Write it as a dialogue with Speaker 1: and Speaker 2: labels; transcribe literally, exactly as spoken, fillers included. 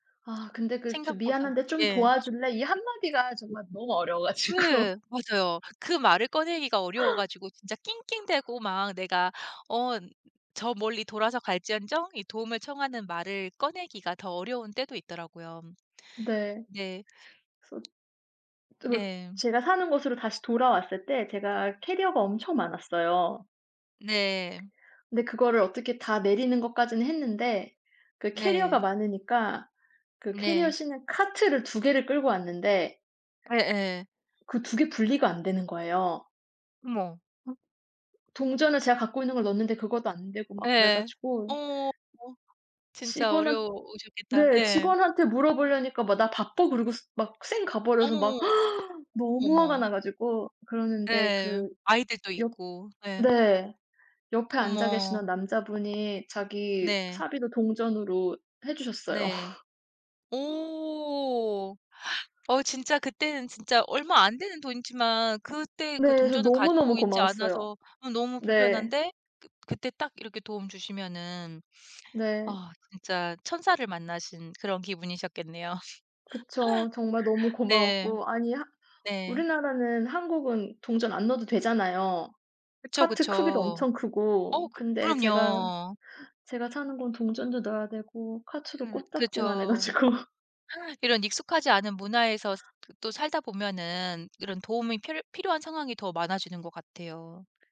Speaker 1: 아 근데 그 "저
Speaker 2: 생각보다.
Speaker 1: 미안한데 좀
Speaker 2: 예.
Speaker 1: 도와줄래?" 이 한 마디가 정말 너무 어려워 가지고.
Speaker 2: 네 맞아요. 그 말을 꺼내기가 어려워 가지고 진짜 낑낑대고 막 내가 어 저 멀리 돌아서 갈지언정 이 도움을 청하는 말을 꺼내기가 더 어려운 때도 있더라고요.
Speaker 1: 네.
Speaker 2: 네.
Speaker 1: 그래서 또
Speaker 2: 네.
Speaker 1: 제가 사는 곳으로 다시 돌아왔을 때 제가 캐리어가 엄청 많았어요.
Speaker 2: 네.
Speaker 1: 근데 그거를 어떻게 다 내리는 것까지는 했는데 그 캐리어가
Speaker 2: 네.
Speaker 1: 많으니까 그 캐리어
Speaker 2: 네.
Speaker 1: 싣는 카트를 두 개를 끌고 왔는데
Speaker 2: 예예.
Speaker 1: 그 두 개 분리가 안 되는 거예요.
Speaker 2: 어머. 어
Speaker 1: 동전을 제가 갖고 있는 걸 넣었는데 그것도 안 되고 막 그래
Speaker 2: 예예. 어
Speaker 1: 가지고
Speaker 2: 어 진짜
Speaker 1: 직원한
Speaker 2: 어려우셨겠다.
Speaker 1: 네
Speaker 2: 예.
Speaker 1: 직원한테 물어보려니까 막 "나 바빠." 그러고 스 막 쌩 가버려서
Speaker 2: 어머,
Speaker 1: 막
Speaker 2: 어머. 어머,
Speaker 1: 너무 화가
Speaker 2: 어머.
Speaker 1: 나 가지고 그러는데
Speaker 2: 예.
Speaker 1: 그
Speaker 2: 아이들도
Speaker 1: 옆
Speaker 2: 있고 예.
Speaker 1: 네. 옆에 앉아
Speaker 2: 어머.
Speaker 1: 계시던 남자분이 자기
Speaker 2: 네.
Speaker 1: 사비로 동전으로 해 주셨어요.
Speaker 2: 네. 오. 어 진짜 그때는 진짜 얼마 안 되는 돈이지만 그때 그
Speaker 1: 네. 저
Speaker 2: 동전을
Speaker 1: 너무너무
Speaker 2: 가지고 있지
Speaker 1: 고마웠어요.
Speaker 2: 않아서 어 너무
Speaker 1: 네.
Speaker 2: 불편한데 그 그때 딱 이렇게 도움 주시면은
Speaker 1: 네.
Speaker 2: 아 진짜 천사를 만나신 그런 기분이셨겠네요.
Speaker 1: 그쵸. 정말 너무
Speaker 2: 네.
Speaker 1: 고마웠고 아니 하
Speaker 2: 네.
Speaker 1: 우리나라는 한국은 동전 안 넣어도 되잖아요.
Speaker 2: 그쵸,
Speaker 1: 카트 크기도
Speaker 2: 그쵸.
Speaker 1: 엄청
Speaker 2: 어
Speaker 1: 크고.
Speaker 2: 그
Speaker 1: 근데 제가
Speaker 2: 그럼요.
Speaker 1: 제가 사는 곳은 동전도 넣어야 되고 카트도
Speaker 2: 음
Speaker 1: 코딱지만 해
Speaker 2: 그쵸.
Speaker 1: 가지고
Speaker 2: 이런 익숙하지 않은 문화에서 그 또 살다 보면은 이런 도움이 필 필요한 상황이 더 많아지는 것 같아요.